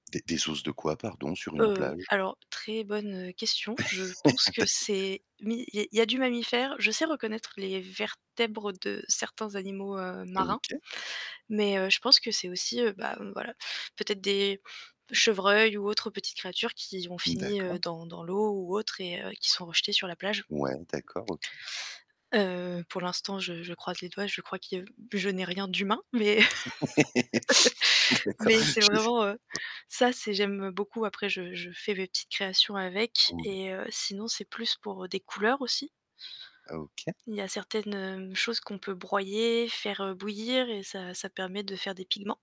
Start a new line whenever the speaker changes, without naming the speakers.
Des des os de quoi, pardon sur une
Heu,
plage?
alors très bonne, heu, question, je pense que
D'ac
c'est mi il y a il y a du mammifère je sais reconnaître les vertèbres de certains animaux, heu, marins,
OK.
mais, heu, je pense que c'est aussi, heu, bah, heu, voilà, peut-être des chevreuils ou autres petites créatures qui ont fini
D'accord.
dans dans l'eau ou autres et heu, qui sont rejetées sur la plage.
Ouais, d'accord, OK.
Heu, pour l'instant, je je croise les doigts, je crois que je n'ai rien d'humain, mais
D'accord,
mais c'est
je le
vraiment, heu,
[unintelligible]
ça c'est j'aime beaucoup après je je fais mes petites créations avec
[unintelligible]
et heu, sinon c'est plus pour des couleurs aussi.
Ah OK.
Il y a certaines, heu, choses qu'on peut broyer, faire bouillir et ça ça permet de faire des pigments.